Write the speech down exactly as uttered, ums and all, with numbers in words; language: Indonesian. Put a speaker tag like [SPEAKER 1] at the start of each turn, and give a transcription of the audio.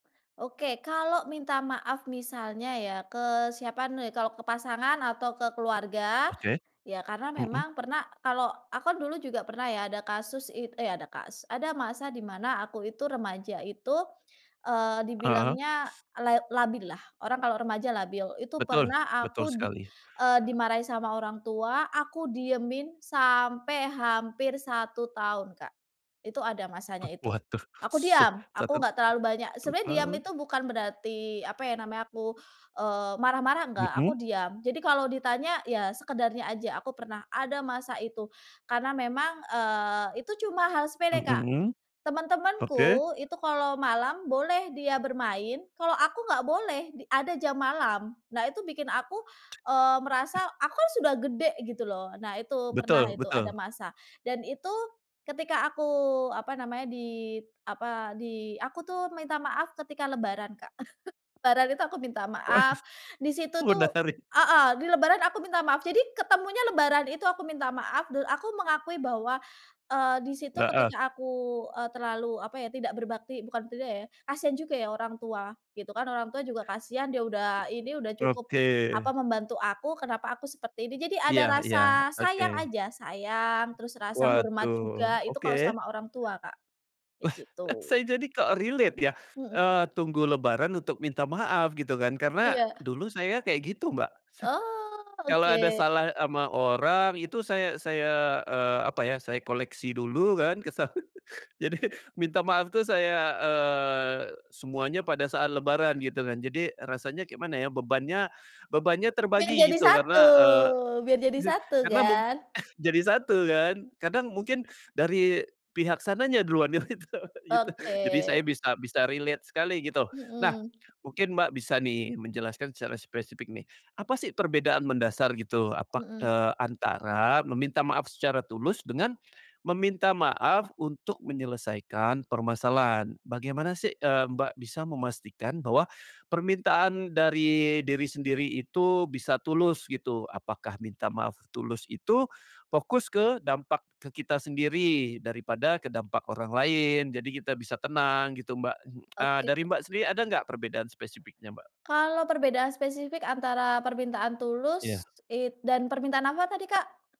[SPEAKER 1] Oke, kalau minta maaf misalnya ya ke siapa nih? Kalau ke pasangan atau ke keluarga,
[SPEAKER 2] Oke.
[SPEAKER 1] ya karena
[SPEAKER 2] Mhm.
[SPEAKER 1] memang pernah kalau aku kan dulu juga pernah ya ada kasus it eh, ada kasus. Ada masa di mana aku itu remaja itu, eee,
[SPEAKER 2] Heeh.
[SPEAKER 1] dibilangnya la labillah, orang kalau remaja labil. Itu
[SPEAKER 2] Betul
[SPEAKER 1] pernah
[SPEAKER 2] betul
[SPEAKER 1] aku di,
[SPEAKER 2] sekali.
[SPEAKER 1] eee, dimarahi sama orang tua, aku diemin sampai hampir satu tahun, Kak. Itu ada masanya itu,
[SPEAKER 2] Waduh,
[SPEAKER 1] aku
[SPEAKER 2] suh
[SPEAKER 1] diam, aku
[SPEAKER 2] catat,
[SPEAKER 1] nggak terlalu banyak sebenarnya diam
[SPEAKER 2] total.
[SPEAKER 1] itu bukan berarti, apa ya namanya, aku, eee, marah-marah enggak, aku
[SPEAKER 2] Mhm.
[SPEAKER 1] diam. Jadi kalau ditanya ya sekedarnya aja, aku pernah ada masa itu, karena memang, eee, itu cuma hal sepele Kak,
[SPEAKER 2] Mhm. Oke.
[SPEAKER 1] teman-temanku itu kalau malam boleh dia bermain, kalau aku nggak boleh d ada jam malam. Nah itu bikin aku, eee, merasa aku kan sudah gede gitu loh, nah itu pernah
[SPEAKER 2] Betul
[SPEAKER 1] itu ada
[SPEAKER 2] betul.
[SPEAKER 1] masa dan itu ketika aku, apa namanya, di, apa, di aku tuh minta maaf ketika lebaran, Kak. Lebaran itu aku minta
[SPEAKER 2] Waduh,
[SPEAKER 1] maaf, di situ tuh
[SPEAKER 2] menarik.
[SPEAKER 1] heeh, di lebaran aku minta maaf jadi ketemunya lebaran itu aku minta maaf dan aku mengakui bahwa, eee, di situ
[SPEAKER 2] Heeh.
[SPEAKER 1] ketika aku, eee, terlalu, apa ya, tidak berbakti, bukan [unintelligible] ya, kasihan juga ya orang tua, gitu kan. Orang tua juga kasihan, dia udah ini udah cukup,
[SPEAKER 2] Oke.
[SPEAKER 1] apa, membantu aku kenapa aku seperti ini, jadi
[SPEAKER 2] Iya
[SPEAKER 1] ada
[SPEAKER 2] iya,
[SPEAKER 1] rasa
[SPEAKER 2] oke.
[SPEAKER 1] sayang aja, sayang terus rasa hormat
[SPEAKER 2] Waduh,
[SPEAKER 1] juga itu kalau
[SPEAKER 2] oke.
[SPEAKER 1] sama orang tua Kak, kayak gitu.
[SPEAKER 2] Saya jadi kok relate ya,
[SPEAKER 1] Mhm.
[SPEAKER 2] eee, tunggu lebaran untuk minta maaf gitu kan, karena
[SPEAKER 1] Iya.
[SPEAKER 2] dulu saya kayak gitu, Mbak.
[SPEAKER 1] Oh,
[SPEAKER 2] Kalau ada
[SPEAKER 1] oke.
[SPEAKER 2] salah ama orang itu saya saya, eee, apa ya, saya koleksi dulu kan kesalahan, jadi minta maaf tuh saya, eee, semuanya pada saat lebaran gitu kan. Jadi rasanya kayak mana ya, bebannya bebannya
[SPEAKER 1] Biar
[SPEAKER 2] terbagi
[SPEAKER 1] jadi
[SPEAKER 2] gitu
[SPEAKER 1] satu,
[SPEAKER 2] karena, eee,
[SPEAKER 1] biar jadi
[SPEAKER 2] je
[SPEAKER 1] satu
[SPEAKER 2] karena mu
[SPEAKER 1] kan.
[SPEAKER 2] jadi satu kan, kadang mungkin dari pihak sananya duluan yang itu gitu, jadi
[SPEAKER 1] Oke.
[SPEAKER 2] saya bisa bisa relate sekali gitu. Nah
[SPEAKER 1] Mhm.
[SPEAKER 2] mungkin Mbak bisa nih menjelaskan secara spesifik nih, apa sih perbedaan mendasar gitu apa, k
[SPEAKER 1] Mhm.
[SPEAKER 2] eee, antara meminta maaf secara tulus dengan, meminta maaf untuk menyelesaikan permasalahan? Bagaimana sih, eee, Mbak bisa memastikan bahwa, permintaan dari diri sendiri itu bisa tulus gitu? Apakah minta maaf tulus itu, fokus ke dampak ke kita sendiri daripada ke dampak orang lain? Jadi kita bisa tenang gitu, Mbak, eee,
[SPEAKER 1] Oke.
[SPEAKER 2] dari Mbak sendiri ada nggak perbedaan spesifiknya, Mbak?
[SPEAKER 1] Kalau perbedaan spesifik antara permintaan tulus
[SPEAKER 2] Iya.
[SPEAKER 1] it dan permintaan apa tadi, Kak?